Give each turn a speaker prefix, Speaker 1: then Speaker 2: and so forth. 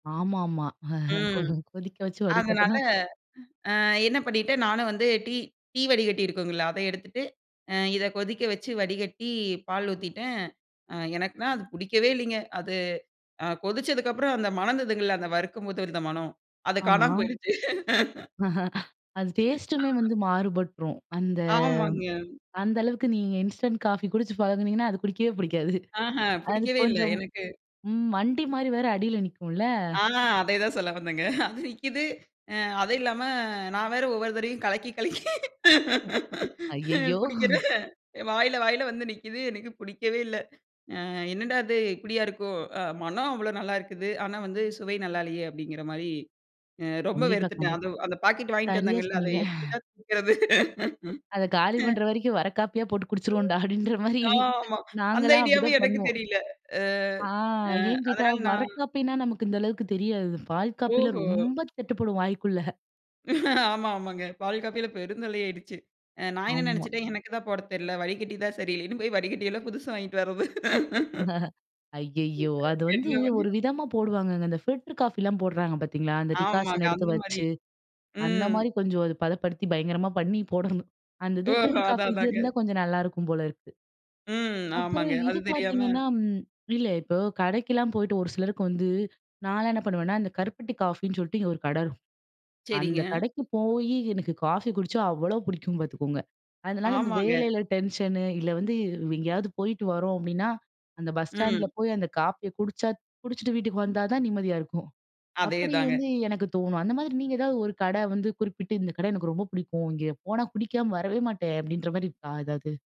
Speaker 1: ஆமாமா.
Speaker 2: ம்.
Speaker 1: கொதிக்க வச்சு வடி
Speaker 2: அதனால,
Speaker 1: கட்டணும்
Speaker 2: அ என்ன பண்ணிட்டேன்? நானும் வந்து டீ டீ வடிகட்டி இருக்குங்களா? அத எடுத்துட்டு, அ இத கொதிக்க வச்சு, வடிகட்டி, பால் ஊத்திட்டேன். அ எனக்குன்னா அது பிடிக்கவே இல்லைங்க. அது அ கொதிச்சதுக்கு அப்புறம், அந்த மணந்ததுங்கல்ல, அந்த வறுக்கும்போது இருந்த மணம், அது காணாம
Speaker 1: ஆமா.
Speaker 2: போயிடுச்சு.
Speaker 1: அது டேஸ்ட்டுமே வந்து மாறுபட்ரும். அந்த
Speaker 2: ஆமாங்க.
Speaker 1: அந்த அளவுக்கு நீங்க இன்ஸ்டன்ட் காஃபி குடிச்சு பழகுனீங்கன்னா, அது குடிக்கவே புடிக்காது.
Speaker 2: ஆஹான்!
Speaker 1: அது
Speaker 2: பிடிக்கவே இல்ல,
Speaker 1: கொஞ்சம்
Speaker 2: எனக்கு.
Speaker 1: ம் மண்டி மாரி வேற அடில நிக்கும்ல!
Speaker 2: ஆ அதேதான் சொல்ல வந்தேங்க. அது நிக்கிது. அ அது இல்லாம, நான் வேற ஒவ்வொரு தரவையும் கலக்கி, கலக்கி
Speaker 1: ம்
Speaker 2: அ
Speaker 1: அய்யயோ!
Speaker 2: குடிக்கிறேன். வாயில, வாயில வந்து நிக்குது. எனக்கு புடிக்கவே இல்ல. அ என்னடா அது! இப்பிடியா இருக்கும்? அ "மனம் அவ்வளோ நல்லாயிருக்குது. ஆனா வந்து, சுவை நல்லா இல்லையே!" அப்படிங்கிற மாரி அ ரொம்ப
Speaker 1: கண்டிப்பா,
Speaker 2: வெறுத்துட்டேன். அது
Speaker 1: கண்டிப்பா.
Speaker 2: வ் அந்த பாக்கெட் வாங்கிட்டு
Speaker 1: சரியா
Speaker 2: வந்தேங்கல்ல! அதை
Speaker 1: சொன்னீங்க.
Speaker 2: எப்படிடா தீக்கிறது?
Speaker 1: அத காலி பண்ணுற வரைக்கும், வரக்காப்பியா போட்டு குடிச்சிருவோம்டா! அப்படின்ற மாரி
Speaker 2: ஆமா. அந்த
Speaker 1: நாங்கலாம்
Speaker 2: ஐடியாவும்
Speaker 1: அப்டிதான்
Speaker 2: எனக்கு
Speaker 1: பண்ணுவோம்.
Speaker 2: தெரியல. அ
Speaker 1: ஆ,
Speaker 2: அ
Speaker 1: ஏன் கேட்டா,
Speaker 2: அதனால நான்
Speaker 1: வரக்காப்பினா, நமக்கு இந்த அளவுக்கு தெரியாது. பால்காப்பில
Speaker 2: ஓஹோ!
Speaker 1: ரொம்ப தட்டுப்படும், வாய்க்குள்ள.
Speaker 2: ஆமா. ஆமாங்க. பால் காப்பில பெருந்தொல்லை ஆயிருச்சு. அ நான் என்ன
Speaker 1: ஆமா.
Speaker 2: நெனைச்சிட்டேன்? எனக்கு தான் போட தெரியல. வடிகட்டி தான் சரியில்லன்னு போய் வடிக்கட்டி எல்லாம் புதுசு வாங்கிட்டு வர்றது.
Speaker 1: இந்த ஐயயோ! அது வந்து
Speaker 2: என்ன
Speaker 1: ஒரு
Speaker 2: பண்ணியும்
Speaker 1: விதமா போடுவாங்கங்க. அந்த ஃபில்டர் காஃபிலாம் போடுறாங்க, பாத்தீங்களா? அந்த
Speaker 2: ஆமாங்க.
Speaker 1: டிகாசன் எடுத்து
Speaker 2: அந்த மாரி.
Speaker 1: வச்சு, அந்த
Speaker 2: ம்.
Speaker 1: மாரி கொஞ்சம் அது பதப்படுத்தி, பயங்கரமா பண்ணி போடணும். அந்த இது
Speaker 2: ஓஹோ!
Speaker 1: ஃபில்டர் காஃபி
Speaker 2: அதான்,
Speaker 1: இது
Speaker 2: அதாங்க.
Speaker 1: இருந்தா, கொஞ்சம் நல்லாயிருக்கும் போல இருக்கு.
Speaker 2: ம்.
Speaker 1: அப்புறம்
Speaker 2: ஆமாங்க.
Speaker 1: இது
Speaker 2: அது தெரியாம
Speaker 1: பாத்தீங்கன்னா ம் இல்ல, இப்போ கடைக்கெல்லாம் போயிட்டு, ஒரு சிலருக்கு வந்து நான்லாம் என்ன பண்ணுவேன்னா, இந்த கருப்பட்டி காஃபின்னு சொல்ட்டு, இங்கே ஒரு கடைரு
Speaker 2: சரிங்க.
Speaker 1: அந்த கடைக்கு போயி, எனக்கு காஃபி குடிச்சா அவ்வளோ பிடிக்கும், பாத்துக்கோங்க. அதனால இந்த
Speaker 2: ஆமாங்க.
Speaker 1: வேலையில டென்ஷனு, இல்ல வந்து, வ் எங்கேயாவது போயிட்டு வரோம். அப்டின்னா, அந்த பஸ் ஸ்டாண்டில
Speaker 2: ம்.
Speaker 1: போய், அந்த காஃபிய குடிச்சா குடிச்சிட்டு வீட்டுக்கு வந்தா தான் நிம்மதியா இருக்கும். அப்படி
Speaker 2: அதேதாங்க.
Speaker 1: வந்து எனக்கு தோணும். அந்த மாரி நீங்க ஏதாவது ஒரு கடை வந்து, குறிப்பிட்டு, "இந்த கடை எனக்கு ரொம்ப புடிக்கும். இங்க போனா, குடிக்காம வரவே மாட்டேன்" அப்டின்ற மாரி இருக்கா, எதாவது?